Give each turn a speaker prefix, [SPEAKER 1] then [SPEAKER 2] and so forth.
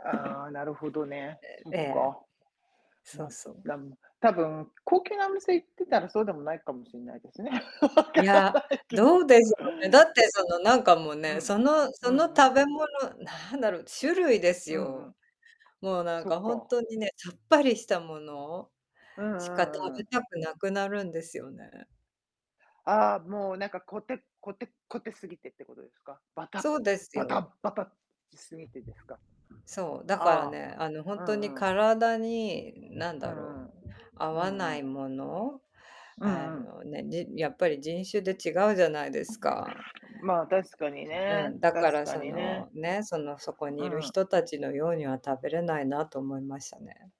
[SPEAKER 1] ああ、なるほどね、
[SPEAKER 2] え
[SPEAKER 1] そっ
[SPEAKER 2] ええ、
[SPEAKER 1] か。
[SPEAKER 2] そ
[SPEAKER 1] ま、
[SPEAKER 2] うそう。
[SPEAKER 1] なん多分高級なお店行ってたらそうでもないかもしれないですね。分か
[SPEAKER 2] い
[SPEAKER 1] ら
[SPEAKER 2] や、
[SPEAKER 1] ないけ
[SPEAKER 2] ど
[SPEAKER 1] ど。
[SPEAKER 2] うでしょうね。だって、その、なんか、もう
[SPEAKER 1] う
[SPEAKER 2] ね、
[SPEAKER 1] ん、
[SPEAKER 2] その
[SPEAKER 1] う
[SPEAKER 2] その
[SPEAKER 1] んうん。
[SPEAKER 2] 食べ物なんだろう、種類です
[SPEAKER 1] うんう
[SPEAKER 2] よ。
[SPEAKER 1] ん。
[SPEAKER 2] もう、なん
[SPEAKER 1] そ
[SPEAKER 2] か、
[SPEAKER 1] っ
[SPEAKER 2] 本
[SPEAKER 1] か。
[SPEAKER 2] 当にね、さっぱりしたもの
[SPEAKER 1] うんう
[SPEAKER 2] しか食
[SPEAKER 1] んうん。
[SPEAKER 2] べたくなくなるんですよね。
[SPEAKER 1] ああ、もう、なんか、こてっこてっこてすぎてってことですか？ばた
[SPEAKER 2] そうです
[SPEAKER 1] ば
[SPEAKER 2] よ。
[SPEAKER 1] たばたしすぎてですか？
[SPEAKER 2] そう、だから
[SPEAKER 1] あ
[SPEAKER 2] ね、あの、ほ
[SPEAKER 1] あ、
[SPEAKER 2] ん
[SPEAKER 1] う
[SPEAKER 2] とに
[SPEAKER 1] んうん。
[SPEAKER 2] 体に、何
[SPEAKER 1] う
[SPEAKER 2] だろ
[SPEAKER 1] んう
[SPEAKER 2] う、
[SPEAKER 1] ん。
[SPEAKER 2] 合
[SPEAKER 1] う
[SPEAKER 2] わ
[SPEAKER 1] ん
[SPEAKER 2] な
[SPEAKER 1] うん。
[SPEAKER 2] いもの、
[SPEAKER 1] う
[SPEAKER 2] あ
[SPEAKER 1] んうん。
[SPEAKER 2] のね、じんやっぱり、人種で違うじゃないですか。
[SPEAKER 1] まあ、確かに
[SPEAKER 2] う
[SPEAKER 1] ね、
[SPEAKER 2] ん、だか
[SPEAKER 1] 確
[SPEAKER 2] ら
[SPEAKER 1] か
[SPEAKER 2] そ
[SPEAKER 1] にね。
[SPEAKER 2] の、ね、その、そこに
[SPEAKER 1] う
[SPEAKER 2] いる
[SPEAKER 1] んうん。
[SPEAKER 2] 人たちのようには食べれないなと思いましたね。